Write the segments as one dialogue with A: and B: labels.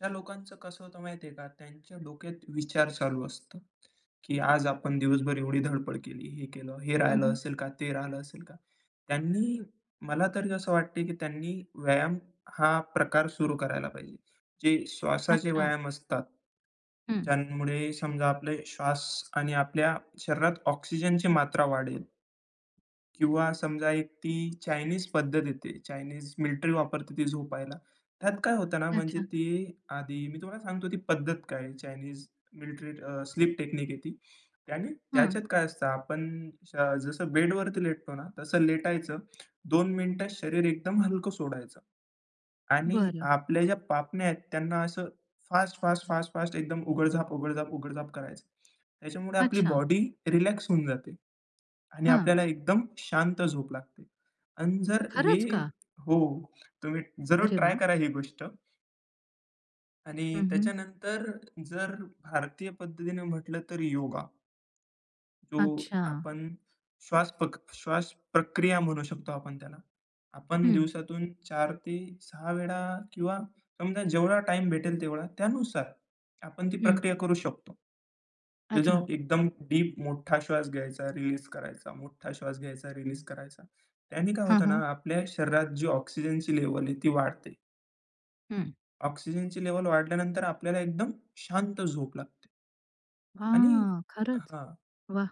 A: अशा लोकांचं कसं होतं माहिती आहे का? त्यांच्या डोक्यात विचार चालू असतो की आज आपण दिवसभर एवढी धडपड केली, हे केलं, हे
B: हं,
A: राहिलं
B: हं.
A: असेल का? ते राहिलं असेल का? त्यांनी मला तरी असं वाटतंय की त्यांनी व्यायाम हा प्रकार सुरू करायला पाहिजे. जे श्वासाचे
B: अच्छा.
A: व्यायाम असतात,
B: हं.
A: ज्यामुळे समजा आपले श्वास आणि आपल्या शरीरात ऑक्सिजनची मात्रा वाढेल. किंवा समजा एक ती चाइनिज पद्धत येते, चाइनिज मिलिटरी वापरते ती झोपायला. त्यात काय होतं ना, म्हणजे
B: अच्छा.
A: ती आधी मी तुम्हाला सांगतो ती पद्धत काय, चाइनिज मिलिट्री अ, स्लीप टेकनीक आहे ती आणि
B: हं.
A: त्याच्यात काय असतं. आपण स जसं बेडवरती लेटतो ना, तसं लेटायचं 2 मिनिटं शरीर एकदम हलकं सोडायचं आणि
B: बरं.
A: आपल्या ज्या पापण्या आहेत त्यांना असं फास्ट-फास्ट-फास्ट-फास्ट एकदम उघड-झाप, उघड-झाप, उघड-झाप करायचं. त्याच्यामुळे आपली
B: अच्छा.
A: बॉडी रिलॅक्स होऊन जाते आणि
B: हां.
A: आपल्याला एकदम शांत झोप लागते. अन् जर हे
B: खरंच का?
A: हो, तुम्ही जरूर
B: अरे वाह!
A: करा ही गोष्ट.
B: हं,
A: आणि
B: हं.
A: त्याच्यानंतर जर भारतीय पद्धतीनं म्हटलं, तर योगा. जो
B: अच्छा.
A: आपण श्वासपक श्वासप्रक्रिया म्हणू शकतो आपण त्याला. आपण
B: हं.
A: दिवसातून 4-6 वेळा किंवा समजा, जेवढा टाईम भेटेल तेवढा त्यानुसार, आपण ती
B: हं.
A: प्रक्रिया करू शकतो की
B: अच्छा.
A: जेव्हा एकदम डीप मोठा श्वास घ्यायचा, रिलीज करायचा मोठा श्वास घ्यायचा, रिलीज करायचा. त्याने काय
B: हं,
A: होतं ना,
B: हं.
A: आपल्या शरीरात जी ऑक्सिजनची लेव्हल आहे, ती वाढते.
B: हं.
A: ऑक्सिजनची लेव्हल वाढल्यानंतर आपल्याला एकदम शांत झोप लागते. आणि
B: हां, खरंच,
A: हां.
B: वाह!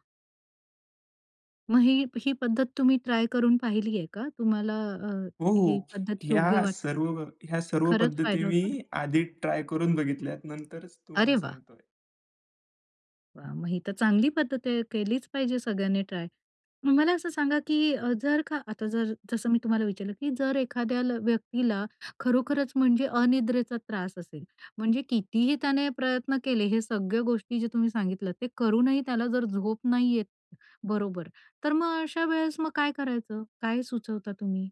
B: मग ही ही पद्धत तुम्ही ट्राय करून पाहिली आहे का? तुम्हाला अ,
A: हो,
B: ही
A: हो,
B: पद्धत योग्य
A: ह्या
B: वाटते?
A: सर्व ह्या सर्व
B: खरंच,
A: पद्धती
B: फायदा
A: मी
B: होतो?
A: आधी ट्राय करून बघितल्यात नंतरच
B: अरे
A: तुम्हाला
B: वाह!
A: सांगतोय.
B: वा! मग ही तर चांगली पद्धत आहे, केलीच पाहिजे सगळ्यांनी ट्राय मग मला असं सांगा की अ, जर का आता जर जसं मी तुम्हाला विचारलं की जर एखाद्याला व्यक्तीला खरोखरंच म्हणजे अनिद्रेचा त्रास असेल म्हणजे कितीही त्याने प्रयत्न केले, हे सगळ्या गोष्टी जे तुम्ही सांगितलत, ते करूनही त्याला जर झोप नाही येत, बरोबर तर मग अशा वेळेस मग काय करायचं? काय सुचवता तुम्ही?